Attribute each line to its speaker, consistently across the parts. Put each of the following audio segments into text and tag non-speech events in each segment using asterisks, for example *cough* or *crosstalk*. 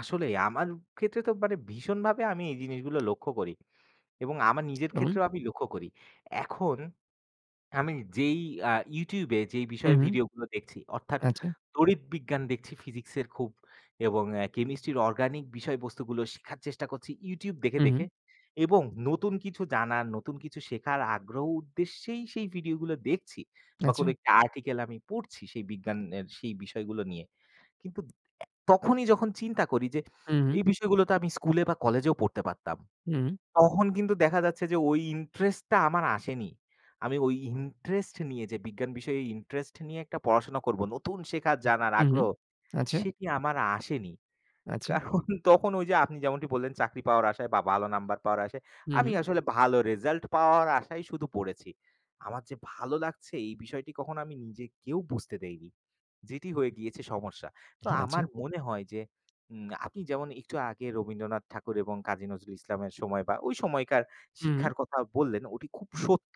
Speaker 1: আসলেই, আমার ক্ষেত্রে তো মানে ভীষণভাবে আমি এই জিনিসগুলো লক্ষ্য করি। এবং আমার নিজের
Speaker 2: যেমন?
Speaker 1: ক্ষেত্রেও আমি লক্ষ্য করি। এখন আমি যেই আ YouTube-এ যেই বিষয়ে
Speaker 2: হুম, হুম।
Speaker 1: ভিডিওগুলো দেখছি অর্থাৎ
Speaker 2: আচ্ছা।
Speaker 1: তড়িৎ বিজ্ঞান দেখছি Physics-এর খুব। এবং Chemistry-র Organic বিষয়বস্তুগুলো শেখার চেষ্টা করছি YouTube দেখে,
Speaker 2: হুম, হুম।
Speaker 1: দেখে। এবং নতুন কিছু জানার, নতুন কিছু শেখার আগ্রহ উদ্দেশ্যেই সেই ভিডিওগুলো দেখছি। বা কোন
Speaker 2: আচ্ছা।
Speaker 1: একটা article আমি পড়ছি সেই বিজ্ঞানের সেই বিষয়গুলো নিয়ে। কিন্তু তখনই যখন চিন্তা করি যে
Speaker 2: হু, উ
Speaker 1: এই বিষয়গুলো তো আমি স্কুলে বা কলেজেও পড়তে পারতাম।
Speaker 2: হু, উ
Speaker 1: তখন কিন্তু দেখা যাচ্ছে যে ওই interest-টা আমার আসেনি। আমি ওই interest নিয়ে যে বিজ্ঞান বিষয়ে interest নিয়ে একটা পড়াশোনা করব, নতুন শেখার জানার
Speaker 2: হু, হু।
Speaker 1: আগ্রহ।
Speaker 2: আচ্ছা।
Speaker 1: সেটি আমার আসেনি।
Speaker 2: আচ্ছা।
Speaker 1: কারন তখন ওই যে আপনি যেমনটি বললেন চাকরি পাওয়ার আশায় বা ভালো number পাওয়ার আশায়,
Speaker 2: হু,
Speaker 1: আমি
Speaker 2: হু।
Speaker 1: আসলে ভালো result পাওয়ার আশায় শুধু পড়েছি। আমার যে ভালো লাগছে এই বিষয়টি কখনো আমি নিজেকেও বুঝতে দেইনি, যেটি হয়ে গিয়েছে সমস্যা। তো আমার
Speaker 2: আচ্ছা।
Speaker 1: মনে হয় যে উম আপনি যেমন একটু আগে রবীন্দ্রনাথ ঠাকুর এবং কাজী নজরুল ইসলামের সময় বা ওই সময়কার
Speaker 2: হু, উ
Speaker 1: শিক্ষার কথা বললেন ওটি খুব
Speaker 2: জি।
Speaker 1: সত্য।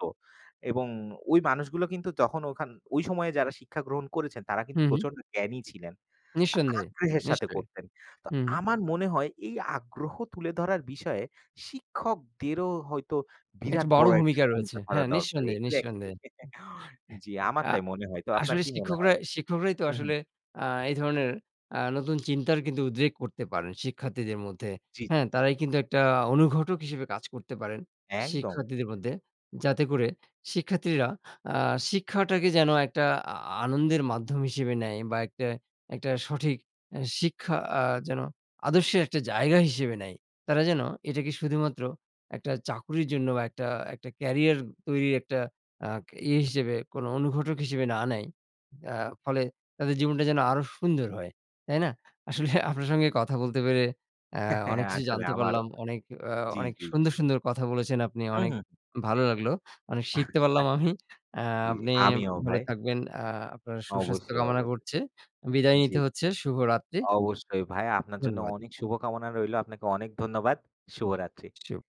Speaker 1: এবং ওই মানুষগুলো কিন্তু যখন ওখান ওই সময়ে যারা শিক্ষা গ্রহণ করেছেন তারা
Speaker 2: হু,
Speaker 1: কিন্তু
Speaker 2: হু।
Speaker 1: প্রচণ্ড জ্ঞানী ছিলেন,
Speaker 2: নিঃসন্দেহে।
Speaker 1: আগ্রহের সাথে
Speaker 2: নিশ্চয়ই।
Speaker 1: করতেন। তো
Speaker 2: হু, হু।
Speaker 1: আমার মনে হয় এই আগ্রহ তুলে ধরার বিষয়ে শিক্ষকদেরও হয়তো
Speaker 2: একটা
Speaker 1: বিরাট
Speaker 2: বড়
Speaker 1: বড় একটা
Speaker 2: ভূমিকা রয়েছে।
Speaker 1: ভূমিকা ধরা
Speaker 2: হ্যাঁ,
Speaker 1: দরকার।
Speaker 2: নিঃসন্দেহে,
Speaker 1: Exactly!
Speaker 2: নিঃসন্দেহে।
Speaker 1: *chuckles* জ্বী, আমার
Speaker 2: আ
Speaker 1: তাই মনে হয়। তো আপনার
Speaker 2: আসলে
Speaker 1: কি মনে
Speaker 2: শিক্ষকরা
Speaker 1: হয়?
Speaker 2: শিক্ষকরাই তো
Speaker 1: হুম, হুম।
Speaker 2: আসলে আ এই ধরনের আ নতুন চিন্তার কিন্তু উদ্রেক করতে পারেন শিক্ষার্থীদের মধ্যে।
Speaker 1: জ্বী।
Speaker 2: হ্যাঁ? তারাই কিন্তু একটা অনুঘটক হিসেবে কাজ করতে পারেন
Speaker 1: একদম।
Speaker 2: শিক্ষার্থীদের মধ্যে। যাতে করে শিক্ষার্থীরা আ শিক্ষাটাকে যেন একটা আ আনন্দের মাধ্যম হিসেবে নেয় বা একটা, একটা সঠিক শিক্ষা আ যেন আদর্শের একটা জায়গা হিসেবে নেয়। তারা যেন এটাকে শুধুমাত্র একটা চাকরির জন্য বা একটা একটা ক্যারিয়ার তৈরির একটা আ ই হিসেবে কোন অনুঘটক হিসেবে না নেয়। আ ফলে তাদের জীবনটা যেন আরও সুন্দর হয়। তাই না? আসলে আপনার সঙ্গে কথা বলতে পেরে অ্যা অনেক
Speaker 1: *chuckles*
Speaker 2: কিছু
Speaker 1: আসলে
Speaker 2: জানতে
Speaker 1: আমারও।
Speaker 2: পারলাম। অনেক,
Speaker 1: জ্বী,
Speaker 2: অনেক
Speaker 1: জ্বী, জ্বী।
Speaker 2: সুন্দর, সুন্দর কথা বলেছেন আপনি।
Speaker 1: হু,
Speaker 2: অনেক
Speaker 1: হু।
Speaker 2: ভালো লাগলো। অনেক শিখতে পারলাম আমি।
Speaker 1: *chuckles*
Speaker 2: অ্যা
Speaker 1: জ্বী।
Speaker 2: আপনি
Speaker 1: আমিও
Speaker 2: ভালো
Speaker 1: ভাই।
Speaker 2: থাকবেন। আ আপনার সুস্বাস্থ্য
Speaker 1: অবশ্যই,
Speaker 2: কামনা
Speaker 1: অবশ্যই।
Speaker 2: করছে। বিদায়
Speaker 1: জ্বী।
Speaker 2: নিতে হচ্ছে। শুভরাত্রি।
Speaker 1: অবশ্যই ভাই, আপনার জন্য
Speaker 2: ধন্যবাদ।
Speaker 1: অনেক শুভকামনা রইল। আপনাকে অনেক ধন্যবাদ। শুভরাত্রি।
Speaker 2: শুভ।